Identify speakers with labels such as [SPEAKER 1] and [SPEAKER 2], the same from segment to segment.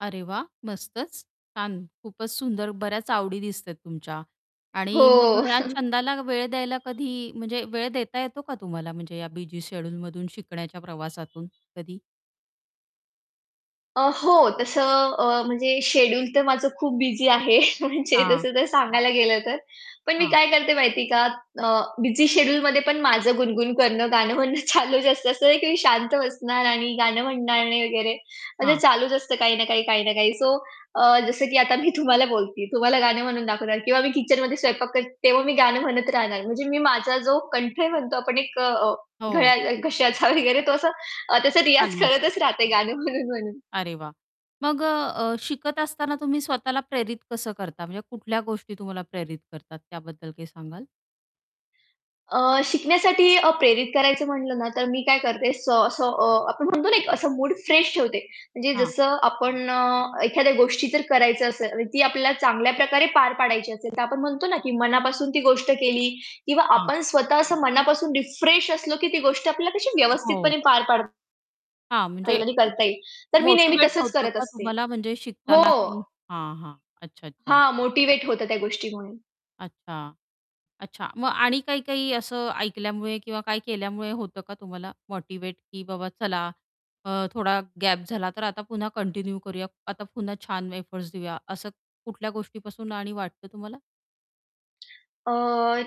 [SPEAKER 1] अरे, वाह! मस्तच. छान खूपच सुंदर, बऱ्याच आवडी दिसतात तुमच्या आणि मग
[SPEAKER 2] हो.
[SPEAKER 1] घरात छंदाला वेळ द्यायला कधी म्हणजे वेळ देता येतो का तुम्हाला म्हणजे या बिझी शेड्यूलमधून शिकण्याच्या प्रवासातून कधी?
[SPEAKER 2] अ, हो तसं अ, म्हणजे शेड्यूल तर माझं खूप बिझी आहे म्हणजे
[SPEAKER 1] हां.
[SPEAKER 2] जसं तर सांगायला गेलं तर. पण मी
[SPEAKER 1] हां.
[SPEAKER 2] काय करते माहिती आहे का अ, बिझी शेड्यूलमध्ये पण माझं गुणगुण करणं गाणं म्हणणं चालू असतं असं नाही की मी शांत बसणार आणि गाणं म्हणणार नाही वगैरे असं
[SPEAKER 1] हां.
[SPEAKER 2] चालूच असतं काही ना काही, काही ना काही, सो अ, जसं की आता मी तुम्हाला बोलते तुम्हाला गाणं म्हणून दाखवणार किंवा मी किचनमध्ये स्वयंपाक करते तेव्हा मी गाणं म्हणत राहणार म्हणजे मी माझा जो कंठ म्हणतो आपण एक अ,
[SPEAKER 1] हो.
[SPEAKER 2] घळ्या घश्याचा वगैरे तो असा अ, त्याचा रियाज
[SPEAKER 1] चालू असतो.
[SPEAKER 2] करतच राहत गाणं म्हणून म्हणून.
[SPEAKER 1] अरे, वाह! मग अ, अ, शिकत असताना तुम्ही स्वतःला प्रेरित कसं करता? म्हणजे कुठल्या गोष्टी तुम्हाला प्रेरित करतात, त्याबद्दल काही सांगाल?
[SPEAKER 2] अ, शिकण्यासाठी अ, प्रेरित करायचं म्हंटलं ना, तर मी काय करते स स अ, असं आपण म्हणतो ना, एक असं मूड फ्रेश ठेवते. म्हणजे
[SPEAKER 1] हां.
[SPEAKER 2] जसं आपण अ, एखाद्या गोष्टी जर करायचं असेल आणि ती आपल्याला चांगल्या प्रकारे पार पाडायची असेल तर आपण म्हणतो ना, की मनापासून ती गोष्ट केली किंवा
[SPEAKER 1] हां.
[SPEAKER 2] आपण स्वतः असं मनापासून रिफ्रेश असलो की ती गोष्ट आपल्याला कशी
[SPEAKER 1] अ, हो.
[SPEAKER 2] व्यवस्थितपणे पार पाडता
[SPEAKER 1] हां, म्हणजे
[SPEAKER 2] येईल. आणि करता येईल. तर मी नेहमी
[SPEAKER 1] मोटिव्हेट
[SPEAKER 2] तसंच
[SPEAKER 1] होतं
[SPEAKER 2] करत
[SPEAKER 1] का
[SPEAKER 2] असते.
[SPEAKER 1] तुम्हाला म्हणजे
[SPEAKER 2] हो.
[SPEAKER 1] शिकताना की हां, हां. अच्छा, अच्छा.
[SPEAKER 2] हां, मोटिव्हेट होतं त्या गोष्टीमुळे.
[SPEAKER 1] अच्छा, अच्छा. मग आणि काही-काही असं ऐकल्यामुळे किंवा काय केल्यामुळे होतं का तुम्हाला मोटिव्हेट की बाबा चला अ, थोडा गॅप झाला तर आता पुन्हा कंटिन्यू करूया आता पुन्हा छान एफर्टस् देऊया असं कुठल्या गोष्टीपासून आणि वाटतं तुम्हाला?
[SPEAKER 2] अ,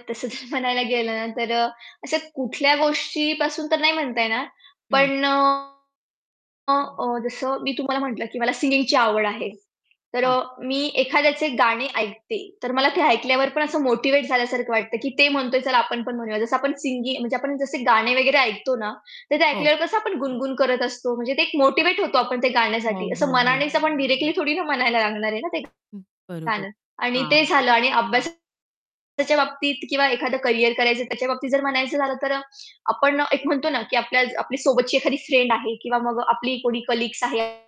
[SPEAKER 2] तसं तर म्हणायला गेलं ना, तर अ, अशा कुठल्या गोष्टीपासून तर नाही म्हणता येणार
[SPEAKER 1] हं.
[SPEAKER 2] पण अ, अ, अ, जसं मी तुम्हाला म्हटलं की मला सिंगिंगची आवड आहे. तर अ,
[SPEAKER 1] हां.
[SPEAKER 2] मी एखाद्याचे गाणे ऐकते तर मला ते ऐकल्यावर पण असं मोटिव्हेट झाल्यासारखं वाटतं की ते म्हणतोय चला आपण पण म्हणूया. जसं आपण सिंगिंग म्हणजे आपण जसे गाणे वगैरे ऐकतो ना, तर ते
[SPEAKER 1] हो.
[SPEAKER 2] ऐकल्यावर कसं आपण गुणगुण करत असतो. म्हणजे ते एक मोटिव्हेट होतो आपण ते
[SPEAKER 1] हो,
[SPEAKER 2] गाण्यासाठी असं
[SPEAKER 1] हो, हो.
[SPEAKER 2] मनानेच आपण डायरेक्टली थोडी ना, म्हणायला लागणार आहे ना, ते
[SPEAKER 1] बरोबर,
[SPEAKER 2] गाणं आणि ते
[SPEAKER 1] हां.
[SPEAKER 2] झालं आणि अभ्यासाच्या बाबतीत किंवा एखादं करियर करायचं त्याच्याबाबतीत जर म्हणायचं झालं तर अ, आपण एक म्हणतो ना, की आपल्या सोबतची एखादी फ्रेंड आहे किंवा मग आपली कोणी कलीग्स आहेत.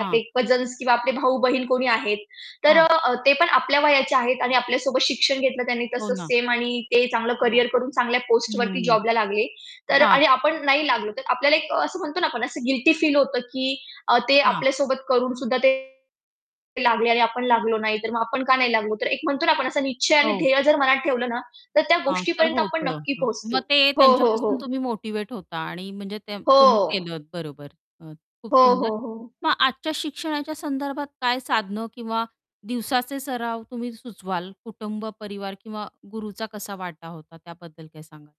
[SPEAKER 2] आपले कझन्स किंवा आपले भाऊ-बहीण कोणी आहेत. तर
[SPEAKER 1] हां.
[SPEAKER 2] अ, ते पण आपल्या वयाचे आहेत आणि आपल्यासोबत शिक्षण घेतलं त्यांनी
[SPEAKER 1] हो
[SPEAKER 2] तसंच
[SPEAKER 1] ना.
[SPEAKER 2] सेम आणि ते चांगलं करियर करून चांगल्या पोस्टवरती
[SPEAKER 1] हं.
[SPEAKER 2] जॉबला लागले. तर अ,
[SPEAKER 1] हां.
[SPEAKER 2] आणि आपण नाही लागलो तर आपल्याला एक असं म्हणतो ना, आपण असं गिल्टी फील होतं की ते
[SPEAKER 1] हां.
[SPEAKER 2] आपल्यासोबत करून सुद्धा ते लागले आणि आपण लागलो नाही तर मग आपण का नाही लागलो. तर एक म्हणतो ना, आपण असं निश्चय आणि
[SPEAKER 1] हो.
[SPEAKER 2] ध्येय जर मनात ठेवलं ना, तर त्या
[SPEAKER 1] हां, तर
[SPEAKER 2] गोष्टीपर्यंत आपण
[SPEAKER 1] होतं.
[SPEAKER 2] नक्की
[SPEAKER 1] मग
[SPEAKER 2] पोहोचतो.
[SPEAKER 1] ते
[SPEAKER 2] हो, हो,
[SPEAKER 1] त्यांच्यापासून
[SPEAKER 2] हो.
[SPEAKER 1] तुम्ही मोटिव्हेट होता आणि म्हणजे ते तुम्ही
[SPEAKER 2] हो.
[SPEAKER 1] केलत बरोबर अ, खूप
[SPEAKER 2] हो,
[SPEAKER 1] सुंदर
[SPEAKER 2] हो, हो.
[SPEAKER 1] मग आजच्या शिक्षणाच्या संदर्भात काय साधनं किंवा दिवसाचे सराव तुम्ही सुचवाल कुटुंब परिवार किंवा गुरूचा कसा वाटा होता त्याबद्दल काय सांगाल?